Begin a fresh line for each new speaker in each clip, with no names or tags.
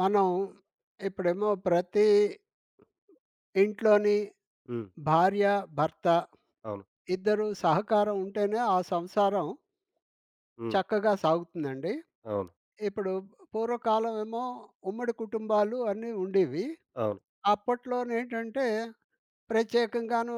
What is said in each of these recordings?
మనం ఇప్పుడేమో ప్రతీ ఇంట్లోని
హ్మ్.
భార్య, భర్త
అవును.
ఇద్దరు సహకారం ఉంటేనే ఆ సంసారం...
హ్మ్.
చక్కగా సాగుతుందండి.
అవును.
ఇప్పుడు పూర్వకాలం ఏమో, ఉమ్మడి కుటుంబాలు అన్నీ ఉండేవి.
అవును.
అప్పట్లోనేంటంటే ప్రత్యేకంగాను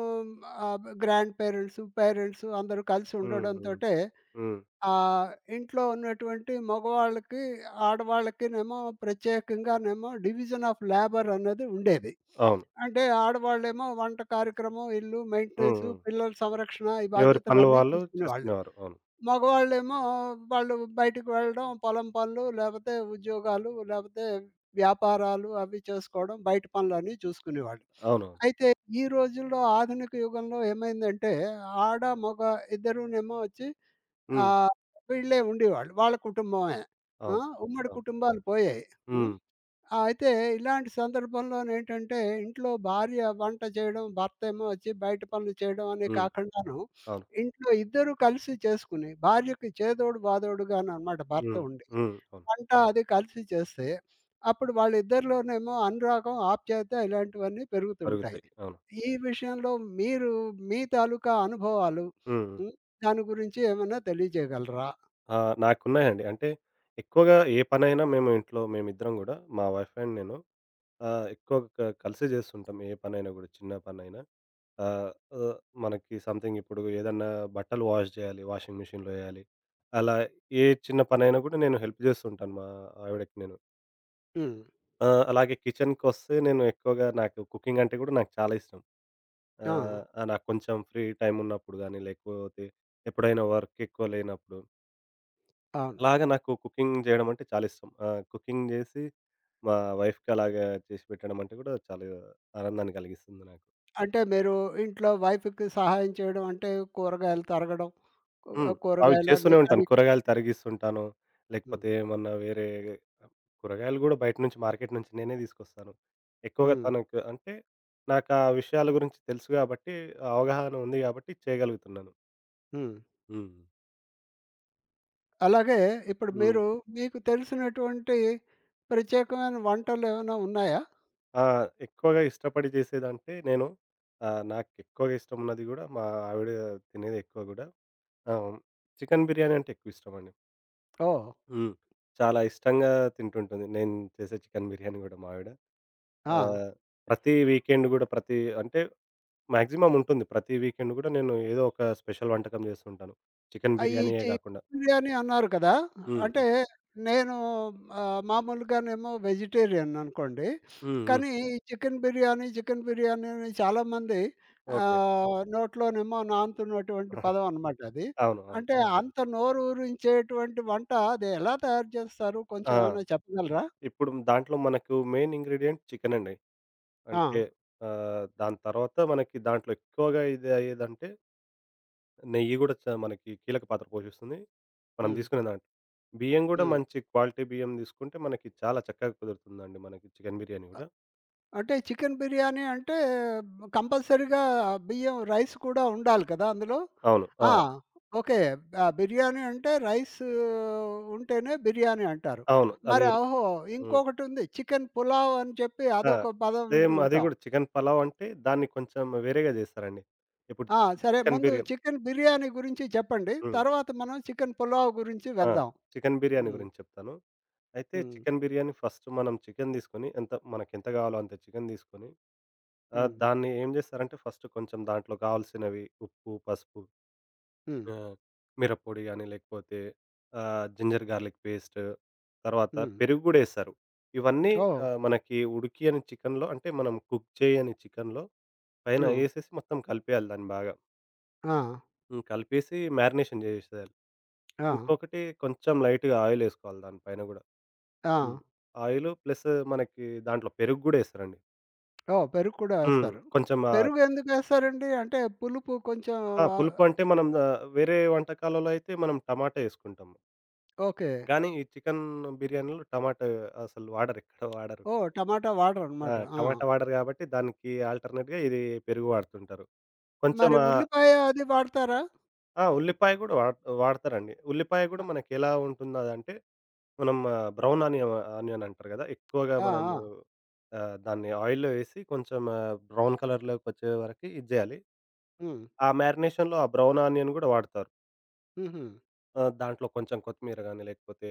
ఆహ్, గ్రాండ్ పేరెంట్స్, పేరెంట్స్. అందరూ కలిసి
హ్మ్. హ్మ్.
ఉండడంతోటే
హ్మ్.
ఆహ్, ఇంట్లో ఉన్నటువంటి మగవాళ్ళకి, ఆడవాళ్ళకినేేమో ప్రత్యేకంగానేమో, డివిజన్ ఆఫ్ లేబర్ అనేది ఉండేది.
అవును.
అంటే ఆడవాళ్ళేమో, వంట కార్యక్రమం ఇల్లు,
హ్మ్.
మెయింటెనెన్సు
హ్మ్.
పిల్లల సంరక్షణ ఈ
ఎవరి పనులు
బాధ్యతలన్నీ
వాళ్ళు,
చూసుకునేవాళ్ళు.
చేసుకునేవారు. అవును.
మగవాళ్ళేమో వాళ్ళు బయటకి వెళ్ళడం. పొలం పనులు, లేపోతే ఉద్యోగాలు, లేపోతే వ్యాపారాలు అవి చేసుకోవడం. బయట పనులన్నీ చూసుకునేవాళ్ళు.
అవునవును.
అయితే ఈ రోజుల్లో ఆధునిక యుగంలో ఏమైందంటే, ఆడ, మొగ ఇద్దరూనేమో వచ్చి
హ్మ్.
ఆహ్, వీళ్ళే ఉండేవాళ్ళు. వాళ్ళ కుటుంబమే. ఆ!
అవును.
ఉమ్మడి
అవును.
కుటుంబాలు పోయాయి. హ్మ్.
హ్మ్.
అయితే ఇలాంటి సందర్భంలోనేంటంటే ఇంట్లో భార్య వంట చేయడం, భర్తేమో వచ్చి బయట పనులు చేయడం అని
హ్మ్.
కాకండాను,
అవును.
ఇంట్లో ఇద్దరూ కలిసి చేసుకొని భార్యకి చేదోడు, బాదోడుగానన్నమాట భర్త
హ్మ్.
ఉండి.
హ్మ్. అవును.
వంట అది కలిసి చేస్తే, అప్పుడు వాళ్ళిద్దరిలోనేమో అనురాగం, ఆప్యాయత ఇలాంటివన్నీ పెరుగుతూ ఉంటాయి.
అరుగుతాయి. అవును.
ఈ విషయంలో మీరు మీ తాలూకా అనుభవాలు,
హ్మ్. హ్మ్.
హ్మ్. దాని గురించి ఏమన్నా తెలియజేయగలరా?
ఆ! నాకున్నాయండి. అంటే ఎక్కువగా ఏ పనైనా మేము ఇంట్లో, మేమిద్దరం గూడా మా వైఫ్ అండ్ నేను. ఆహ్, ఎక్కువగా క కలిసే జేస్తుంటాం. ఏ పనైనా గూడా, చిన్న పనైనా. ఆహ్, హ్మ్. మనకి సమ్‌థింగిప్పుడు. ఏదన్నా బట్టలు వాష్ జేయాలి. వాషింగ్ మిషన్‌లో వెయ్యాలి. అలా ఏ చిన్న పనైనా గూడా నేను హెల్ప్ జేస్తూ ఉంటాను. మా ఆవిడకి నేను.
హ్మ్.
ఆ! అలాగే కిచెన్‌కోస్తే నేను ఎక్కువగా నాకు కుకింగ్ అంటే గూడా నాకు చాలా ఇష్టం.
ఆ!
ఆహ్, ఆ నాకు కొంచెం ఫ్రీ టైమ్ ఉన్నప్పుడు గాని లేకపోతే ఎప్పుడైనా వర్క్ ఎక్కువ లేనప్పుడు
అవును.
అలాగా నాకు కుకింగ్ జేయడమంటే చాలా ఇష్టం. ఆహ్, కుకింగ్ జేసి, మా వైఫ్‌కలాగా చేసిపెట్టడమంటే గూడా చాలా ఆనందాన్ని గలిగిస్తుంది నాకు.
అంటే మీరు ఇంట్లో వైఫ్‌కి సహాయం చేయడం అంటే కూరగాయలు తరగడం, కూ
హ్మ్. అవి
కూరగాయలన్ని
చేస్తూనే ఉంటాను.
కడిగి
కూరగాయలు తరగిస్తుంటాను.
హ్మ్.
లేకపోతే ఏమన్నా వేరే కూరగాయలు గూడా బయట నుంచి మార్కెట్ నుంచి నేనే తీసుకొస్తాను. ఎక్కువగా
హ్మ్.
తనకు అంటే నాకా విషయాల గురించి తెలుసు గాబట్టి అవగాహన ఉంది గాబట్టి చేయగలుగుతున్నాను.
హ్మ్.
హ్మ్.
అలాగే ఇప్పుడు
హ్మ్.
మీరు, మీకు తెలిసినటువంటి ప్రత్యేకమైన వంటలేమన్నా ఉన్నాయా?
ఆ! ఎక్కువగా ఇష్టపడి జేసేదంటే నేను ఆహ్, నాకు ఎక్కువగా ఇష్టమున్నది గూడా మా ఆవిడ తినేది ఎక్కువ గూడా ఆ! హ్మ్. చికెన్ బిర్యానంటే ఎక్కువిష్టమండి.
ఓహ్!
హ్మ్. చాలా ఇష్టంగా తింటుంటుంది. నేను చేసే చికెన్ బిర్యానీ గూడా మావిడ.
ఆ!
ఆహ్, ప్రతి వీకెండ్ గూడా ప్రతి అంటే మాక్సిమం ఉంటుంది. ప్రతి వీకెండ్ గూడా, నేను ఏదో ఒక స్పెషల్ వంటకం జేస్తుంటాను చికెన్
ఆహ్, ఈ
బిర్యానీయే
చికెన్
గాకుండా.
బిర్యానీ అన్నారు కదా!
హ్మ్.
అంటే
హ్మ్.
నేను ఆహ్, మామూలుగానేమో వెజిటేరియననుకోండి.
హ్మ్. హ్మ్.
కానీ ఈ చికెన్ బిర్యానీ, చికెన్ బిర్యానీ అని చాలామంది
ఓకే.
ఆహ్, నోట్లోనేమో నానుతున్నటువంటి పదమనమాటది.
అవును. అవును.
అంటే అంత నోరురించేటువంటి వంట అది ఎలా తయారు చేస్తారు కొంచెం
ఆ!
ఏమన్నా చెప్పగలరా?
ఇప్పుడు దాంట్లో మనకు మెయిన్ ఇంగ్రీడియంట్ చికెన్ అండి. అంటే
ఆ!
ఆహ్ దాని తర్వాత మనకి దాంట్లో ఎక్కువగా ఇది అయ్యేదంటే నెయ్యి గూడా చ మనకి కీలక పాత్ర పోషిస్తుంది. మనం
హ్మ్.
దీసుకునే దాంట్లో. బియ్యం గూడా
హ్మ్.
మంచి క్వాలిటీ బియ్యం దీసుకుంటే మనకి చాలా చక్కగా కుదురుతుందండి మనకి చికెన్ బిర్యానీ
అ
గూడా.
అంటే చికెన్ బిర్యానీ అంటే కంపల్సరీగా బియ్యం రైస్ కూడా ఉండాలి కదా! అందులో?
అవును.
ఆ!
ఆ!
ఓకే. ఆహ్, బిర్యానీ అంటే రైస్ ఉంటేనే బిర్యానీ అంటారు.
అవును.
మరి
అదిరు
ఒహో!
హ్మ్.
ఇంకొకటుంది, చికెన్ పులావ్ అని చెప్పి
ఆ!
అదొక పదం వింటూ
సేమ్ అది
ఉంటాం.
గూడా చికెన్ పలావంటే దాన్ని కొంచెం వేరేగా జేస్తారండి. ఇప్పుడు
ఆ! సరే
చికెన్
ముందు
బిర్యా
చికెన్ బిర్యానీ గురించి చెప్పండి.
హ్మ్.
తర్వాత మనం చికెన్ పొలావ్ గురించి
ఆ!
వెళ్దాం.
చికెన్ బిర్యానీ
హ్మ్.
గురించి చెప్తాను. అయితే
హ్మ్.
చికెన్ బిర్యానీ ఫస్ట్ మనం చికెన్ దీసుకొని ఎంత మనకేంత గావాలో అంత చికెన్ దీసుకొని, ఆహ్,
హ్మ్.
దాన్ని ఏం జేస్తారంటే ఫస్ట్ కొంచెం దాంట్లో గావాల్సినవి ఉప్పు, పసుపు
హ్మ్.
ఆహ్, మిరపొడి గాని లేకపోతే ఆహ్, జింజర్ గార్లిక్ పేస్ట్. తర్వాత
హ్మ్.
పెరుగు గూడా ఎస్తరు. ఇవన్నీ
ఓహ్!
ఆహ్, మనకి ఉడికియని చికెన్‌లో, అంటే మనం కుక్ చేయని చికెన్‌లో పైన
ఆ!
ఏసేసి మొత్తం కలిపేయాలి దాన్ని బాగా.
ఆ!
హ్మ్. కలిపేసి మారినేషన్ జేసెశారు.
ఆ!
ఇంకొకటి కొంచెం లైట్‌గా ఆయిలేసుకోవాలి దాని పైన గూడా.
ఆ!
హ్మ్. ఆయిలు, ప్లెస్సు మనకి దాంట్లో పెరుగు గూడ ఏస్తరండి.
ఓహ్! పెరుగు కూడ
హ్మ్.
ఏస్తారు.
కొంచెం ఆహ్
పెరుగు ఎందుకేస్తారండి? అంటే పులుపు కొంచెం
ఆ!
ఆహ్,
పులుపు అంటే మనం, ఆ వేరే వంటకాలలో అయితే, మనం టమాట ఏసుకుంటాము.
ఓకే.
గానీ, ఈ చికెన్ బిర్యానీలో, టమాటా అసలు వాడరు. ఎక్కడ వాడరు.
ఓహ్! టమాటా
ఆ!
వాటరనమాట. ఆ!
టమాటా వాడరు గాబట్టి, దానికి, ఆల్‌టర్‌నేట్‌గా ఇది పెరుగు వాడుతుంటారు. కొంచెం
మరి
ఆహ్
ఉల్లిపాయ, అది వాడతారా?
ఆ! ఉల్లిపాయ గూడా వాడ వాడతరండి. ఉల్లిపాయ గూడా
అ
మనకి ఎలా ఉంటుందో అదంటే, మనం బ్రౌన్ ఆనియం ఆనియన్ అంటారు గదా! ఎక్కువగా
ఆ!
మనము
ఆ!
ఆహ్, దాన్ని ఆయిల్‌లో ఏసి, కొంచెం ఆ బ్రౌన్ కలర్‌లొకొచ్చే వరకి ఇది జేయాలి.
హ్మ్.
ఆ మ్యారినేషన్‌లో ఆ బ్రౌన్ ఆనియన్ గూడ వాడతారు.
హుహు.
ఆ! దాంట్లో కొంచెం కొత్తిమీర గానీ, లేకపోతే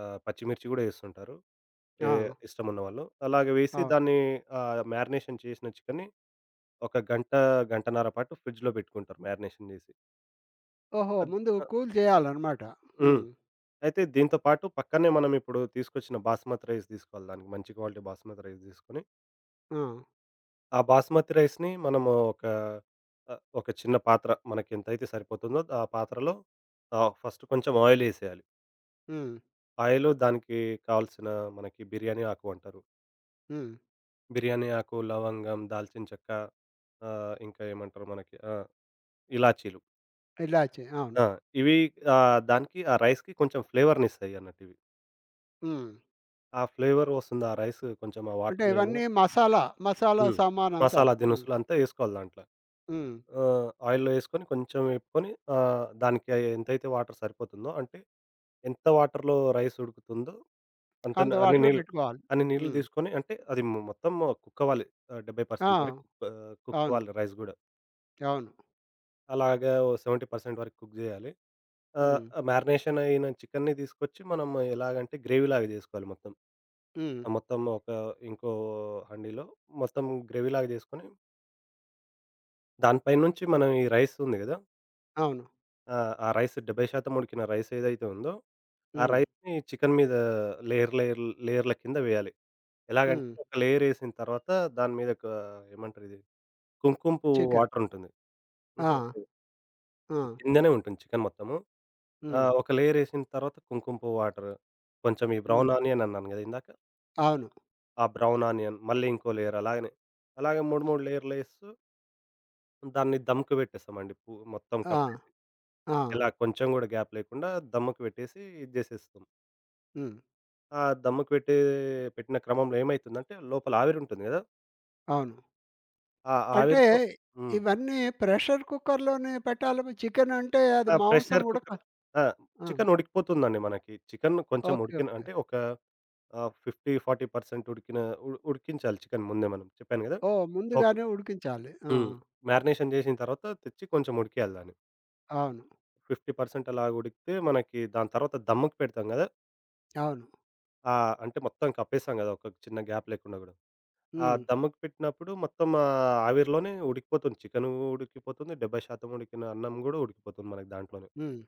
ఆహ్, పచ్చిమిర్చి గూడా ఏస్తుంటారు. ఏహ్,
ఆ!
ఇష్టమున్నవాళ్ళు. అలాగ వేసి
అవును.
దాన్ని ఆహ్, మ్యారినేషన్ చేసిన చికెన్‌ని ఒక గంట, గంటన్నర పాటు ఫ్రిడ్జ్‌లో పెట్టుకుంటారు మ్యారినేషన్ జేసి.
ఓహో!
అద్ధ్
ముందు
ఆహ్
కూల్ జేయాలనమాట.
హ్మ్.
హ్మ్.
అయితే దీంతో పాటు పక్కనే మనమిప్పుడు తీసుకొచ్చిన బాస్మతి రైస్ దీసుకోవాలి దానికి మంచి క్వాలిటీ బాస్మతి రైస్ దీసుకొని...
ఆ!
ఆ బాస్మతి రైస్‌ని మనము ఒక ఆహ్, ఒక చిన్న పాత్ర మనకెంతైతే సరిపోతుందో ఆ పాత్రలో ఆహ్, ఫస్ట్ కొంచెం ఆయిల్ ఏసేయాలి.
హ్మ్.
ఆయిలు దానికి కావాల్సిన మనకి బిర్యానీ ఆకు అంటారు.
హ్మ్.
బిర్యానీ ఆకు, లవంగం, దాల్చిన చెక్క ఆహ్, ఇంకా ఏమంటారు మనకి ఆ! ఇలాచీలు
ఇలాచి. అవును.
ఆ! ఇవి ఆహ్, దానికి ఆ రైస్‌కి కొంచెం ఫ్లేవర్‌నిస్తాయి అన్నట్టు ఇవి.
హ్మ్.
ఆ ఫ్లేవర్ ఒస్తుంది ఆ రైసు కొంచెం ఆ
అంటే
వాటర్‌లో
ఇవన్నీ
ఎయంగానే
మసాలా, మసాలా
హ్మ్. మసాలా
సామానంతాను. హ్మ్.
దినుసులంతా ఏసుకోవాలి దాంట్ల.
హ్మ్.
ఆ! ఆయిల్‌లో ఏసుకొని, కొంచెం వెపుకొని, ఆహ్, దానికి ఎంతైతే వాటర్ సరిపోతుందో, అంటే ఎంత వాటర్‌లో రైస్ ఉడుకుతుందో,
అంత
అంతన్న అన్ని
వాటరే
నీళ్
పెట్టుకోవాలి.
అన్ని నీళ్లు
హ్మ్.
దీసుకొని అంటే అది ము మొత్తం కుకవ్వాలి ఆహ్, 70
ఆ!
పర్సెంట్ వరకు ఆహ్,
అవును.
కుకవ్వాలి రైస్ గూడా.
అవును.
అలాగా ఓ 70 పర్సెంట్ వరకు కుక్ జేయాలి. ఆహ్,
హ్మ్.
మ్యారినేషన్ అయిన చికెన్‌ని దీసుకొచ్చి, మనం ఎలాగంటే గ్రేవీలాగా జేసుకోవాలి మొత్తం.
హ్మ్.
ఆ మొత్తం ఒక ఇంకో హండీలో మొత్తం గ్రేవీలాగా జేసుకొని దాని పైనుంచి మనం ఈ రైసుంది గదా!
అవును.
ఆ! ఆ రైసు 70 శాతం ఉడికిన రైస్ ఏదైతే ఉందో ఆ
హ్మ్.
రైస్‌ని చికెన్ మీద లేయర్, లేయర్ లేయర‌లకింద వేయాలి. ఎలాగంటే
హ్మ్.
ఒక లేయరేసిన తర్వాత దాని మీదొక ఏమంటారు ఇది? కుంకుంపువ్వు
చికెన్.
వాటరుంటుంది.
ఆ!
హుహు.
ఆ!
కిందనే ఉంటుంది చికెన్ మొత్తము.
హ్మ్.
ఆహ్, ఒక లేయరేసిన తర్వాత కుంకుంపువ్వు వాటరు. కొంచెము ఈ బ్రౌన్
హ్మ్.
ఆనియన్ అన్నాను గదా! ఇందాక?
అవును.
ఆ! Brown onion. మళ్ళీ ఇంకో లేయర్ అలాగనే. అలాగ 3, 3 లేయర్‌లేస్తు... దాన్ని ధమ్‌కిబెట్టేస్తామండి పు మొత్తం
ఆ!
కప్పేసి.
ఆ!
ఇలా కొంచెం గూడా గ్యాప్ లేకుండా దమ్ముకు వెట్టేసి ఇది జేసేస్తాం.
హ్మ్.
ఆ! దమ్ముకు వెట్టే పెట్టిన క్రమంలో ఏమైతుందంటే లోపల ఆవిరుంటుంది గదా...
అవును.
ఆ
అంటే
ఆవిరితో హ్మ్.
ఇవన్నీ ప్రెషర్ కుక్కర్‌లోనే పెట్టాలేమో! చికెనంటే అది
ఆ!
మాంసం
ప్రెషర్
ఉడక
కుక్కర్ ఆ!
ఆ!
చికెన్ ఉడికిపోతుందండి మనకి. చికెన్ కొంచెం
ఓకే.
ఉడికిన
ఓకే.
అంటే ఒక ఆహ్, 50, 40 పర్సెంట్ ఉడికిన, ఉడు ఉడికించాలి చికెన్ ముందే మనం చెప్పాను గదా!
ఓహ్!
ఒక్
ముందుగానే ఉడికించాలి. ఆ!
హ్మ్. మ్యారినేషన్ చేసిన తర్వాత తెచ్చి కొంచెం ఉడికియాలి దాన్ని.
అవును.
50% పర్సెంట్ అలాగా ఉడికితే, మనకి దాని తర్వాత దమ్ముకి పెడతాం గదా!
అవును.
ఆ! అంటే మొత్తం కప్పేసాం గదా! ఒక చిన్న గ్యాప్ లేకుండా గూడా. ఆ!
హ్మ్.
దమ్ముకి పెట్టినప్పుడు మొత్తం, ఆ ఆవిరిలోనే ఉడికిపోతుంది. చికెనూడికిపోతుంది. 70% శాతం ఉడికిన అన్నం గూడా, ఉడికిపోతుంది మనకి దాంట్లోనే.
హ్మ్.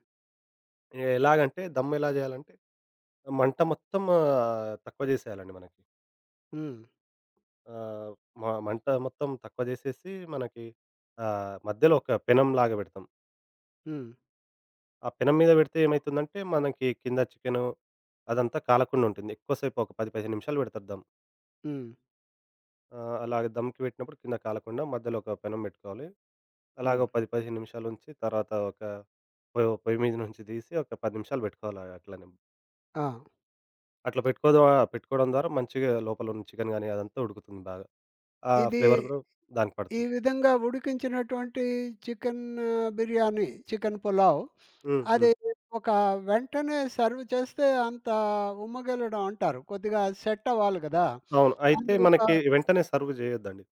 ఎ ఎలాగంటే, దమ్మేలా జేయాలంటే, మంట మొత్తము తక్కువ జేసేయాలండి మనకి.
హ్మ్.
ఆ! మ మంట మొత్తం తక్కువ జేసేసి, మనకి ఆహ్, మధ్యలో ఒక పెనంలాగా బెడతాం.
హ్మ్.
ఆ పెనం మీద బెడితే ఏమైతుందంటే మనకి, కింద చికెను అదంతా కాలకుండా ఉంటుంది. ఎక్కువ సేపు ఒక 10, 15 నిమిషాలు బెడతరు దమ్.
హ్మ్.
ఆ! అలాగ దమ్‌కి బెట్టినప్పుడు కింద కాలకుండా, మధ్యలో ఒక పెనం బెట్టుకోవాలి. అలాగో
హ్మ్.
10, 15 నిమిషాలుంచి. తర్వాత ఒక పో పోయిమీద నుంచి దీసి, ఒక 10 నిమిషాలు బెట్టుకోవాలి, ఆ అట్లనే.
ఆ!
అట్లా పెట్టుకోద పెట్టుకోవడం ద్వారా, మంచిగా లోపలున్న చికెన్ గానీ, అదంతా ఉడుకుతుంది బాగా. ఆ!
ఇది
ఫ్లేవర్ గూడ దానికి
ఈ
పడుతుంది.
విధంగా ఉడికించినటువంటి చికెన్ బిర్యానీ, చికెన్ పులావ్.
హ్మ్.
అది
హ్మ్.
ఒక వెంటనే, సర్వ్ జేస్తే అంత ఉమ్మగెలడం అంటారు. కొద్దిగా సెట్ అవ్వాలి గదా!
అవును. అయితే
అందుగొక
మనకి వెంటనే సర్వ్ జేయొద్దండి.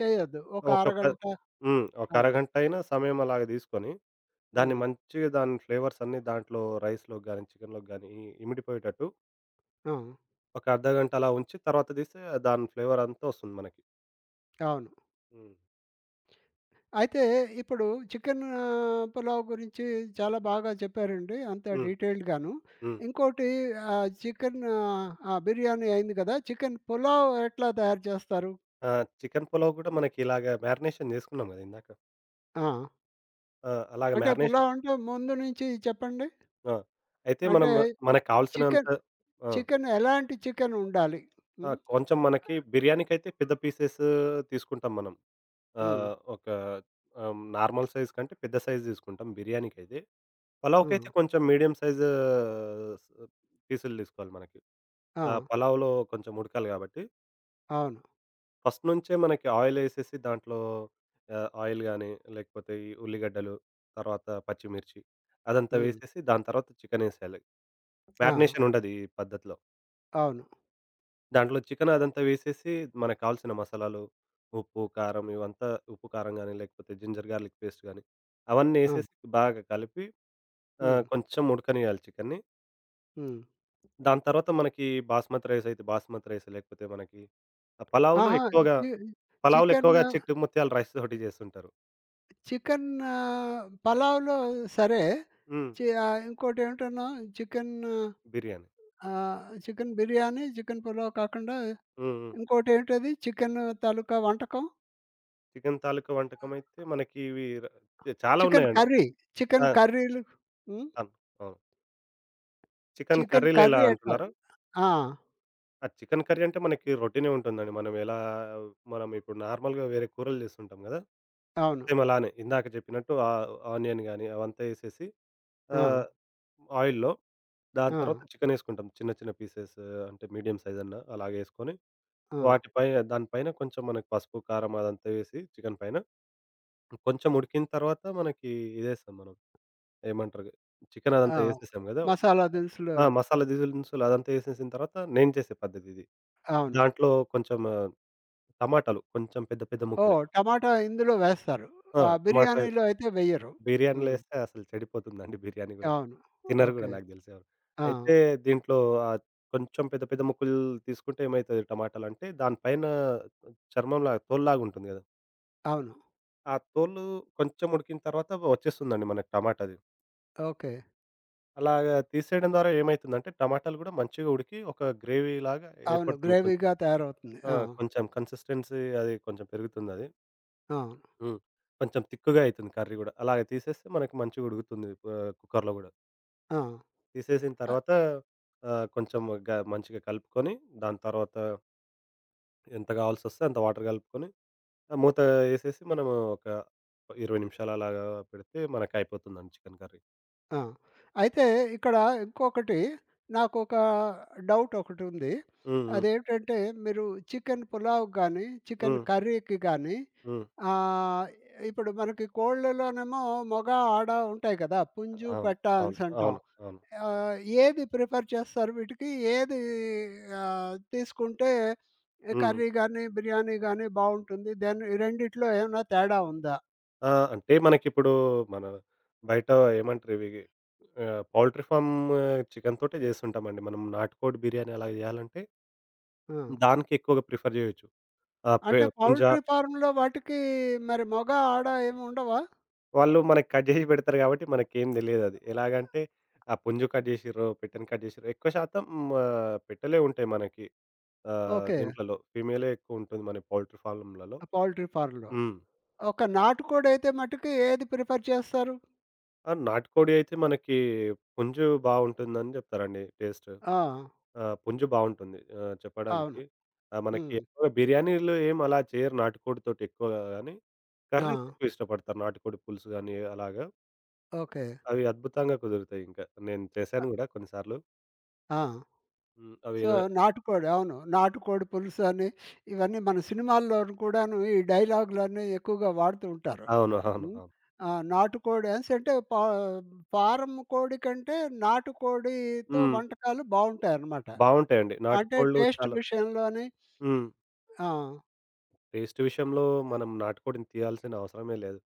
చెయ్యొద్దు. ఒక
ఒక్క ప
అరగంట
హ్మ్. ఒక
ఆ!
అరగంటైనా, సమయం అలాగా దీసుకొని, దాన్ని
హ్మ్.
మంచిగా దాని ఫ్లేవర్స్ అన్నీ, దాంట్లో రైస్‍లోకి గాని, చికెన్‍లోకి గానీ, ఇమిడిపోయేటట్టు
ఆ!
ఒక అర్ధగంట అలా ఉంచి. తర్వాత దీస్తే, దాని ఫ్లేవరంతా ఒస్తుంది మనకి.
అవును.
హ్మ్.
అయితే ఇప్పుడు చికెన్ పులావ్ గురించి చాలా బాగా చెప్పారండి. అంతా
హ్మ్.
డీటెయిల్డ్‌ గాను.
హ్మ్.
ఇంకోటి ఆహ్, చికెన్ ఆహ్, ఆ బిర్యానీ అయింది గదా! చికెన్ పులావ్ ఎట్లా తయారు జేస్తారు?
ఆ! చికెన్ పులావ్ గూడా, మనకిలాగా మ్యారినేషన్ జేసుకున్నాం గదా! ఇందాక.
ఆ!
ఆ! అలాగా
అంటే
మ్యార్నేషన్
పులావ్ అంటే ముందు నుంచి చెప్పండి?
ఆ! అయితే
అంటే
మనం మన కావాల్సినంత
చికెన్
ఆ!
చికెన్ ఎలాంటి చికెనుండాలి?
ఆ!
హ్మ్.
కొంచెం మనకి బిర్యానీకైతే, పెద్ద పీసెస్సు దీసుకుంటాం మనం.
హ్మ్.
ఆహ్, ఒక ఆమ్, నార్మల్ సైజ్ కంటే, పెద్ద సైజ్ దీసుకుంటాం బిర్యానీకైతే. పలావ్‍కైతే
హ్మ్.
కొంచెం మీడియం సైజ్ ఆహ్, పీసులు దీసుకోవాలి మనకి. ఆ!
ఆ!
పలావ్‍లో కొంచెం ఉడకాలి గాబట్టి.
అవును.
ఫస్ట్ నుంచే మనకి ఆయిలేసేసి, దాంట్లో ఆహ్, ఆయిల్ గానీ, లేకపోతే ఈ ఉల్లిగడ్డలు, తర్వాత పచ్చిమిర్చి అదంతా
హ్మ్.
వేసేసి, దాని తర్వాత చికెనేసేయాలి.
ఆ!
మ్యారినేషన్ ఉండది ఈ పద్ధతిలో.
అవును.
దాంట్లో చికెనదంతా వేసేసి, మనకు కావాల్సిన మసాలాలు, ఉప్పు, కారం ఇవంతా ఉప్పు, కారం గానీ, లేకపోతే జింజర్ గా‌ర్లిక్ పేస్ట్ గానీ, అవన్నీ
హ్మ్.
ఏసేసి బాగా కలిపి
హ్మ్.
ఆహ్, కొంచెం ఉడకనీయాలి చికెన్‌ని.
హ్మ్.
దాంతర్వాత మనకి బాస్మతి రైసయితే బాస్మతి రైస్ లేకపోతే, మనకి ఆహ్, పలావులో
ఆహా! ఇ
ఎక్కువగా
చి
పలావులో ఎక్కువగా
చికెను
చిట్టి ముత్యాల రైస్‌తోటి జేస్తుంటారు.
చికెన్ను పలావులో సరే.
హ్మ్.
చి ఆహ్, ఇంకోటి ఏవిటన్నావు? చికెన్ను
బిర్యానీ.
ఆహ్, చికెన్ బిర్యానీ, చికెన్ పులావ్ కాకుండా,
హ్మ్. హ్మ్.
ఇంకోటేంటది? చికెను తాలూకా వంటకం?
చికెన్ తాలూకా వంటకమయితే, మనకి ఇవి ర చాలా
చికెన్
ఉన్నాయండి.
కర్రీ.
ఆ!
చికెన్ కర్రీలు హ్మ్.
తన్ అవును. చికెన్
చికెన్
కర్రీలెలా
కర్రీ
అంటున్నారా?
ఎట్లాది? ఆ!
ఆ! చికెన్ కర్రీ అంటే మనకి రొటీనే ఉంటుందండి. మనం ఎలా మనం ఇప్పుడు నార్మల్‌గా వేరే కూరలు జేస్తుంటాం గదా!
అవును.
సేమ్ అలానే. ఇందాక జెప్పినట్టు ఆ అనియన్ గానీ, అవంతా ఏసేసి,
ఆ!
ఆహ్, ఆయిల్‌లో. దాని తర్వత
ఆ!
చికెనేసుకుంటాం. చిన్న, చిన్న పీసెస్ అంటే మీడియం సైజన్నా. అలాగేసుకొని
ఆ!
వాటి పై దాని పైన కొంచెం మనకు పసుపు, కారం అదంతా వేసి చికెన్ పైన, కొంచెం ఉడికిన తర్వాత మనకి ఇదేస్తాం మనం, ఏమంటరగా? చికెన్
ఆ!
అదంతా ఏసేసాం గదా!
మసాలా దినుసులు
ఆ!
అవి.
మసాలా దీనుసులు అదంతా ఏసేసిన తర్వాత నేను జేసే పద్ధతిది.
అవును.
దాంట్లో కొంచెము టమాటాలు, కొంచెం పెద్ద, పెద్ద ముక్కలే.
ఓహ్! టమాటా ఇందులో వేస్తారు.
ఆ!
ఆ!
టమాట ఎ
బిర్యానీలో అయితే వెయ్యరు.
బిర్యానీలో
హ్మ్.
ఏస్తే అసలు చెడిపోతుందండి. బిర్యానీ గూడా.
అవును.
తినరు గూడా
ఓకే.
నాకు దెలిసెవరు.
ఆ!
అయితే దీంట్లో ఆహ్, కొంచెం పెద్ద, పెద్ద ముక్కలు తీసుకుంటేమైతది టమాటాలంటే, దాని పైన చర్మంలాగా తోల్లాగా ఉంటుంది గదా!
అవును.
ఆ తోలు కొంచెం ఉడికిన తర్వాత ఒచ్చేస్తుందండి మనకి టమాటాది.
ఓకే.
అలాగా తీసేయడం ద్వారా ఏమైతుందంటే, టమాటాలు గూడా మంచిగా ఉడికి, ఒక గ్రేవీలాగా
అవును.
ఏర్పడుతుంది కొంచెం
గ్రేవీగా తయారవుతుంది.
ఆ!
ఆ!
కొంచెం కన్సిస్టెన్సీ అది కొంచెం పెరుగుతుందది.
ఆ!
హ్మ్. కొంచెం తిక్కుగా అయితుంది కర్రీ గూడా. అలాగా తీసేస్తే మనకి మంచిగుడుకుతుంది ఆహ్, కుక్కరులో గూడా.
ఆ!
తీసేసిన
ఆహ్
తర్వాత ఆహ్, కొంచెం గా మంచిగా కలుపుకొని దాని తర్వాత... ఎంత గావాల్సొస్తే అంత వాటర్ గలుపుకొని. ఆ మూత ఏసేసి, మనము ఒక 20 నిమిషాలలాగా పెడితే మనకు అయిపోతుందండి చికెన్ కర్రీ.
ఆ! అయితే ఇక్కడ ఇంకొకటి, నాకొక డౌట్ ఒకటుంది.
హ్మ్. హ్మ్.
అదేంటంటే, మీరు చికెను పులావుకి గానీ, చికెన్
హ్మ్.
కర్రీకి గానీ,
హ్మ్.
ఆహ్, ఇప్పుడు మనకి కోళ్ళలోనేమో మొగ, ఆడ ఉంటాయి కదా! పుంజు,
అవును.
పెట్ట
అవును.
అనేసంటాం.
అవును. అవును.
ఆహ్, ఏది ప్రిఫర్ చేస్తారు వీటికి? ఏది ఆహ్, తీసుకుంటే
హ్మ్.
కర్రీ గానీ, బిర్యానీ గానీ బావుంటుంది? దెని ఈ రెండిట్లో ఏమన్నా తేడా ఉందా?
ఆ! అంటే మనకిప్పుడు మన బయట ఏమంటారివి ఆహ్, పౌల్ట్రీ ఫార్మ్ చికెన్‌తోటే జేసుంటామండి. మనం నాటుకోడి బిర్యానీ అలాగ జేయాలంటే
ఆ!
దానికెక్కువగా ప్రిఫర్ జేయొచ్చు. ఆహ్, పే
అంటే
పుంజ
పౌల్ట్రీ ఫార్మ్‌లో వాటికి మరి మొగ ఆడ ఏమి ఉండవా?
వాళ్ళు మనకి కట్ జేసి పెడతారు గాబట్టి మనకేం తెలీయదది.
ఆ!
ఎలాగంటే, ఆ పుంజు కట్ జేసిర్రో, పెట్టెని కట్ చేసిర్ర ఎక్కువ శాతం ఆహ్, పెట్టలే ఉంటాయి మనకి. ఆహ్,
ఓకే.
దీంట్లలో ఫీమేలే ఎక్కువుంటది మన పౌల్ట్రీ ఫార్లమ్‌లలో.
ఆ పౌల్ట్రీ ఫార్మ్‌లో.
హ్మ్.
ఒక నాటుకోడయితే మట్టికి ఏది ప్రిఫర్ చేస్తారు?
ఆ! నాటికోడి అయితే మనకి పుంజు బా ఉంటుందని చెప్తారండి టేస్ట్.
ఆ!
ఆ! పుంజు బావుంటుంది ఆహ్,
అవును.
చెప్పడానికి. ఆ!
హ్మ్.
మనకెక్కువగా బిర్యానీలో ఏం అలా చేయరు నాటుకోడితోటెక్కువగా గాని, కర్రీస్
ఆ!
ఎక్కువ ఇష్టపడతారు నాటికోడి పులుసు గాని అలాగా.
ఓకే.
అవి అద్భుతంగా కుదురుతాయి ఇంకా. నేను
అ
చేశాను గూడా కొన్నిసార్లు.
ఆ!
హ్మ్.
సో
అవినన
నాటికోడి అవును. నాటుకోడి పులుసు అని ఇవన్నీ మన సినిమాల్లోను కూడాను ఈ డైలాగు‌లన్నీ ఎక్కువగా వాడుతూ ఉంటారు.
అవును. అవును.
హ్మ్.
అవును.
ఆ! నాటుకోడి సేట్టే పా ఫారం కోడి కంటే నాటుకోడితో
హ్మ్.
వంటకాలు బావుంటాయన్నమాట.
బావుంటాయండి. నాటి
అంటే
కోళ్ళు
టేస్ట్
చాలా
విషయంలోని
హ్మ్.
ఆ!
టేస్ట్ విషయంలో మనం నాటుకోడిని తీయాల్సిన అవసరమే లేదు.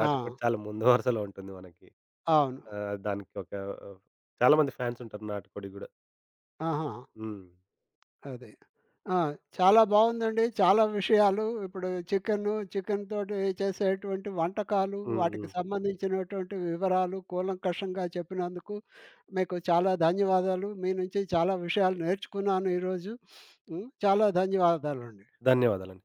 ఆ!
చాలా ముందు వరుసలో ఉంటుంది మనకి.
అవును.
ఆహ్, దానికొక ఆహ్, చాలామంది ఫ్యాన్స్ ఉంటారు నాటకోడికి గూడా.
ఆహా!
హ్మ్.
అదే. ఆ! చాలా బావుందండి. చాలా విషయాలు ఇప్పుడు చికెను, చికెన్‌తోటి చేసేటువంటి వంటకాలు,
హ్మ్.
వాటికి
హ్మ్.
సంబంధించినటువంటి వివరాలు, కూలంకషంగా చెప్పినందుకు, మీకు చాలా ధన్యవాదాలు. మీ నుంచి చాలా విషయాలు నేర్చుకున్నాను ఈరోజు. హ్మ్. చాలా ధన్యవాదాలండి.
ధన్యవాదాలండి.